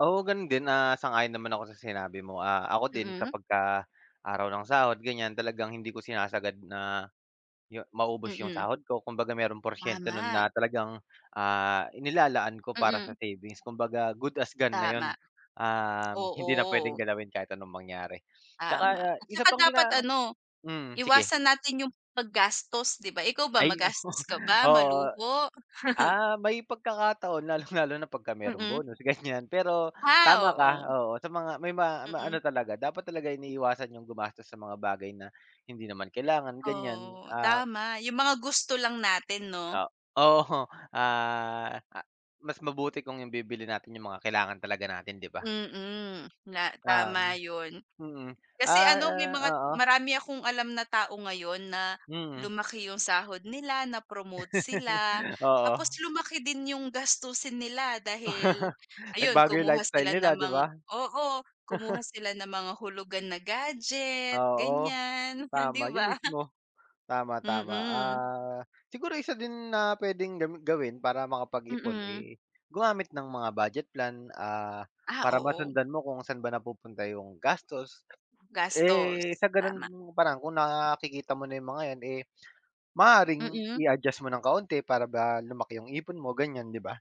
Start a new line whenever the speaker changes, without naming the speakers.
Oo, gano'n din. Ah, sang-ayon naman ako sa sinabi mo. Ah, ako din,
Mm.
kapagka araw ng sahod, ganiyan, talagang hindi ko sinasagad na, 'yo maubos 'yong
Mm.
sahod ko, kumbaga merong porsyento no'n
Tama.
na talagang, ah, inilalaan ko para sa
Mm.
savings. Kumbaga, good as gone na
Tama,
'yon, um, hindi na puwedeng
oo.
galawin kahit anong mangyari. 'Tsaka,
Tama, at
isa
saka
pang
dapat
gina
ano,
mm, sige.
iwasan natin 'yong paggastos, 'di ba. Ikaw ba,
Ay oo,
magastos ka ba,
oo.
maluho?
Ah, may pagkakataon, lalong-lalo na pagka meron
Mm.
bonus, ganiyan. Pero, tama
Ah,
ka,
oo.
oo, sa mga may ma
Mm.
maano talaga, dapat talaga iniiwasan 'yong gumastos sa mga bagay na, hindi naman kailangan, ganiyan.
Oo,
Ah
tama. 'Yong mga gusto lang natin,
Ka
'no.
oo. Ah, a mas mabuti kung 'yong bibili natin 'yong mga kailangan talaga natin, 'di ba.
Mm, na
Ta
tama
hmm.
'yon.
Mm.
Kasi
Ay,
ano, may
ah,
mga
oo.
marami akong alam na tao ngayon na,
Mm.
lumaki 'yong sahod nila, na promote sila, tapos
Oo.
lumaki din 'yong gastusin nila. Dahil, ayun
Nagbago 'yong
kumuha
lifestyle
sila
nila,
ng
'di
mga
ba.
oo, kumuha sila ng mga hulugan na gadget,
Oo.
ganiyan, frien 'di
Tama, 'yon
ba.
mismo. Tama, tama.
Mm.
Ah, siguro isa din na puwedeng gam gawin para makapag-ipon,
Mm.
eh, gumamit ng mga budget plan, ah,
Ah,
para
oo.
masundan mo kung saan ba napupunta 'yong gastos.
Gastos,
Eh, sa gano'n,
tama.
mga paraan, kung nakikita mo na 'yong mga 'yan, eh, maaaring
Mm.
i-adjust mo ng kaunti para ba, lumaki 'yong ipon mo, ganiyan, 'di ba.